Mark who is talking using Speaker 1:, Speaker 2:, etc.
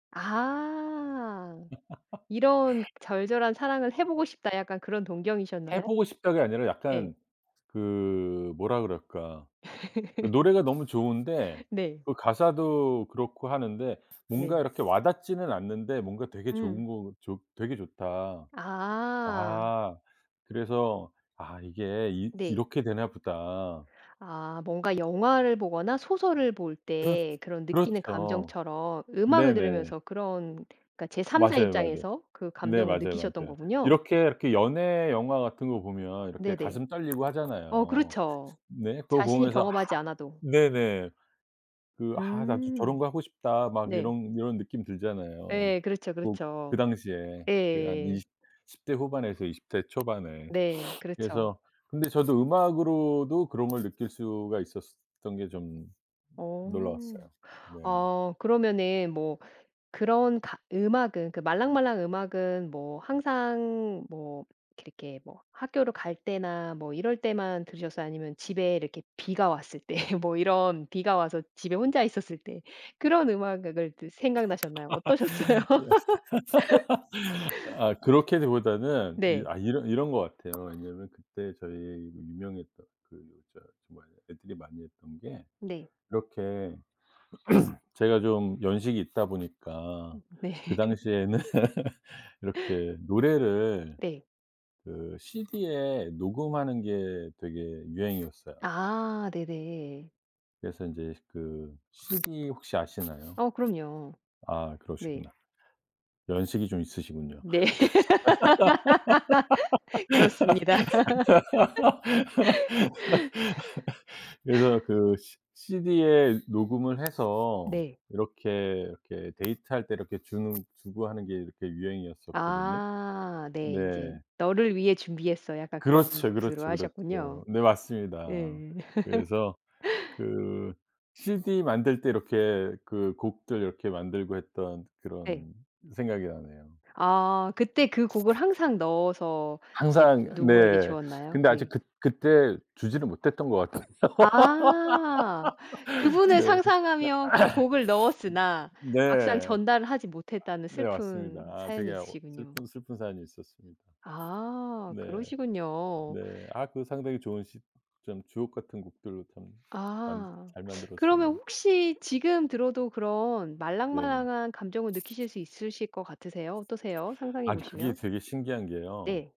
Speaker 1: 아. 이런 절절한 사랑을 해보고 싶다 약간 그런
Speaker 2: 해
Speaker 1: 동경이셨나요?
Speaker 2: 보고 싶다가 아니라 약간
Speaker 1: 예.
Speaker 2: 그 뭐라 그럴까. 그 노래가 너무 좋은데
Speaker 1: 네.
Speaker 2: 그 가사도 그렇고 하는데 뭔가
Speaker 1: 네.
Speaker 2: 이렇게 와닿지는 않는데 뭔가 되게
Speaker 1: 음.
Speaker 2: 좋은 거 좋 되게 좋다.
Speaker 1: 아.
Speaker 2: 아 그래서 아 이게 이
Speaker 1: 네.
Speaker 2: 이렇게 되나 보다.
Speaker 1: 아 뭔가 영화를 보거나 소설을 볼
Speaker 2: 그렇
Speaker 1: 때 그런 느끼는
Speaker 2: 그렇죠.
Speaker 1: 감정처럼 음악을
Speaker 2: 네네.
Speaker 1: 들으면서 그런 그러니까 제 3 자
Speaker 2: 맞아요, 맞아요.
Speaker 1: 입장에서 그
Speaker 2: 네
Speaker 1: 감정을
Speaker 2: 맞아요,
Speaker 1: 느끼셨던
Speaker 2: 맞아요.
Speaker 1: 거군요.
Speaker 2: 이렇게, 이렇게 연애 영화 같은 거 보면 이렇게
Speaker 1: 네네.
Speaker 2: 가슴 떨리고
Speaker 1: 어
Speaker 2: 하잖아요.
Speaker 1: 그렇죠.
Speaker 2: 네. 그거
Speaker 1: 자신이
Speaker 2: 보면서
Speaker 1: 경험하지 않아도.
Speaker 2: 네네. 그 '아 나도 저런
Speaker 1: 음.
Speaker 2: 거 하고 싶다.' 막
Speaker 1: 네.
Speaker 2: 이런 이런 느낌 들잖아요.
Speaker 1: 예 그렇죠,
Speaker 2: 뭐 그
Speaker 1: 그렇죠.
Speaker 2: 당시에 그 한 2
Speaker 1: 예예예.
Speaker 2: 10 대 후반에서 20 대 초반에.
Speaker 1: 네. 그렇죠.
Speaker 2: 그래서 근데 저도 음악으로도 그런 걸 느낄 수가 있었던 게 좀
Speaker 1: 어.
Speaker 2: 놀라웠어요. 네.
Speaker 1: 아 그러면은 뭐 그런 가 음악은 그러니까 말랑말랑 음악은 뭐 항상 뭐 이렇게 뭐 학교를 갈 때나 뭐 이럴 때만 들으셨어요? 아니면 집에 이렇게 비가 왔을 때 뭐 이런 비가 와서 집에 혼자 있었을 때 그런 음악 악을 그 생각나셨나요? 어떠셨어요?
Speaker 2: 아 그렇기보다는 이
Speaker 1: 네.
Speaker 2: 아 이런 이런 것 같아요. 왜냐하면 그때 저희 유명했던 그 저 뭐야 애들이 많이 했던 게
Speaker 1: 네.
Speaker 2: 이렇게 제가 좀 연식이 있다 보니까
Speaker 1: 네.
Speaker 2: 그 당시에는 이렇게 노래를
Speaker 1: 네.
Speaker 2: 그 CD에 녹음하는 게 되게 유행이었어요.
Speaker 1: 아 네네.
Speaker 2: 그래서 이제 그 CD 혹시 아시나요?
Speaker 1: 어 그럼요.
Speaker 2: 아
Speaker 1: 네.
Speaker 2: 그러시구나. 연식이 좀 있으시군요.
Speaker 1: 네. 그렇습니다.
Speaker 2: 그래서 그래서 그 시 시디에 녹음을 해서
Speaker 1: 네.
Speaker 2: 이렇게, 이렇게 데이트할 때 이렇게 주는 주고 하는 게 이렇게 유행이었었거든요.
Speaker 1: 아 네.
Speaker 2: 네.
Speaker 1: 이제 "너를 위해 준비했어." 약간 그런
Speaker 2: 그렇죠,
Speaker 1: 뜻으로
Speaker 2: 그렇죠,
Speaker 1: 하셨군요.
Speaker 2: 그렇죠. 네 맞습니다.
Speaker 1: 예.
Speaker 2: 그래서 그 CD 만들 때 이렇게 그 곡들 이렇게 만들고 했던
Speaker 1: 네.
Speaker 2: 그런 생각이 나네요.
Speaker 1: 아 그때 그 곡을 항상 넣어서 이게
Speaker 2: 항상
Speaker 1: 누구에게
Speaker 2: 네
Speaker 1: 주었나요?
Speaker 2: 근데 아직
Speaker 1: 네.
Speaker 2: 그 그때 주지는 못했던 것 같아요.
Speaker 1: 아 그분을
Speaker 2: 네.
Speaker 1: 상상하며 그 곡을 넣었으나 막상
Speaker 2: 네.
Speaker 1: 전달을 하지 못했다는
Speaker 2: 네 맞습니다.
Speaker 1: 슬픈
Speaker 2: 아
Speaker 1: 사연이
Speaker 2: 되게 어
Speaker 1: 있으시군요.
Speaker 2: 슬픈 슬픈 사연이 있었습니다.
Speaker 1: 아
Speaker 2: 네.
Speaker 1: 그러시군요.
Speaker 2: 네. 아 그 상당히 좋은 시 좀 주옥같은 곡들 참 만
Speaker 1: 아.
Speaker 2: 잘
Speaker 1: 그러면
Speaker 2: 만들었었는데
Speaker 1: 혹시 지금 들어도 그런
Speaker 2: 네.
Speaker 1: 말랑말랑한 감정을 느끼실 수 있으실 것 같으세요? 어떠세요? 상상해
Speaker 2: 아니 그게
Speaker 1: 보시면?
Speaker 2: 되게 신기한 게요.
Speaker 1: 네.